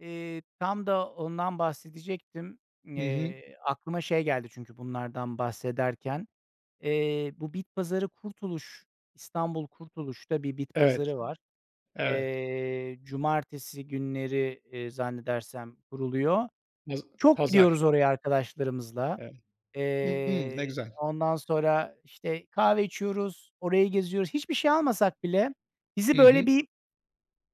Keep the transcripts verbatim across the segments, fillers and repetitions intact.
Eee, tam da ondan bahsedecektim. Hı hı. Eee, aklıma şey geldi çünkü bunlardan bahsederken. Eee, bu bit pazarı Kurtuluş, İstanbul Kurtuluş'ta bir bit Evet, pazarı var. hı, evet. Eee, cumartesi günleri, eee, zannedersem kuruluyor. Paz Çok pazar. gidiyoruz oraya arkadaşlarımızla. Evet. Hımm. Ne Eee, güzel. ondan sonra, işte, kahve içiyoruz, orayı geziyoruz. Hiçbir şey almasak bile Hı bizi böyle hı. bir,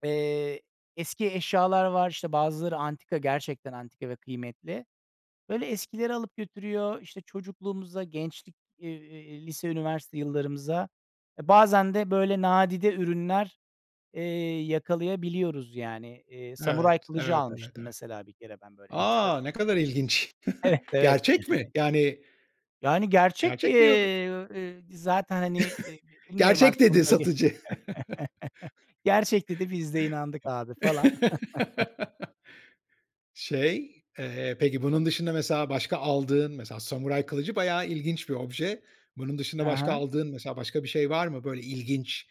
eee, eski eşyalar var. İşte, bazıları antika, gerçekten antika ve kıymetli. Böyle eskilere alıp götürüyor. İşte, çocukluğumuza, gençlik, eee, lise, üniversite yıllarımıza. ,E bazen de, böyle, nadide ürünler, eee, yakalayabiliyoruz yani. Eee, Samuray Evet, kılıcı evet, evet, almıştım evet. mesela bir kere ben böyle A! Ne enteresan. kadar ilginç. Evet, evet. Gerçek mi? Yani. Yani Yani gerçek, Gerçek mi yok eee, eee, zaten, hani, eee, bilmiyorum "gerçek" artık onu dedi da ge satıcı. "Gerçek" dedi biz de inandık abi falan. Şey, eee, peki bunun dışında mesela başka aldığın, mesela samuray kılıcı bayağı ilginç bir obje. Bunun dışında Ha başka ha. aldığın, mesela başka bir şey var mı? Böyle ilginç,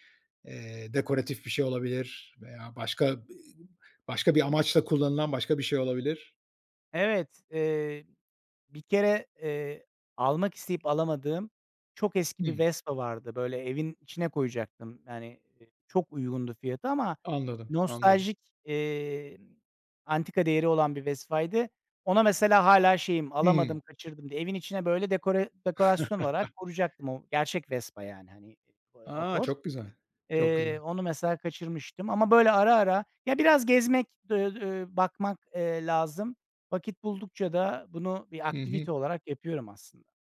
eee, dekoratif bir şey olabilir veya başka, ııı, başka bir amaçla kullanılan başka bir şey olabilir. Evet, eee, bir kere, eee, almak isteyip alamadığım çok eski bir Hımm. Vespa vardı. Böyle evin içine koyacaktım. Hani, eee, çok uygundu fiyatı ama Anladım, anladım. nostaljik, iii, antika değeri olan bir Vespa'ydı. Ona mesela hâlâ şeyim, Hımm. alamadım kaçırdım diye evin içine böyle dekore dekorasyon olarak korucaktım. O gerçek Vespa yani, hani, ııı, aaa, A! motor. Çok güzel. Çok Eee, güzel. onu mesela kaçırmıştım. Ama, böyle, ara ara, ya biraz gezmek, d ööö, ööö, bakmak, eee, lazım. Vakit buldukça da bunu bir Hı aktivite hı. olarak yapıyorum aslında.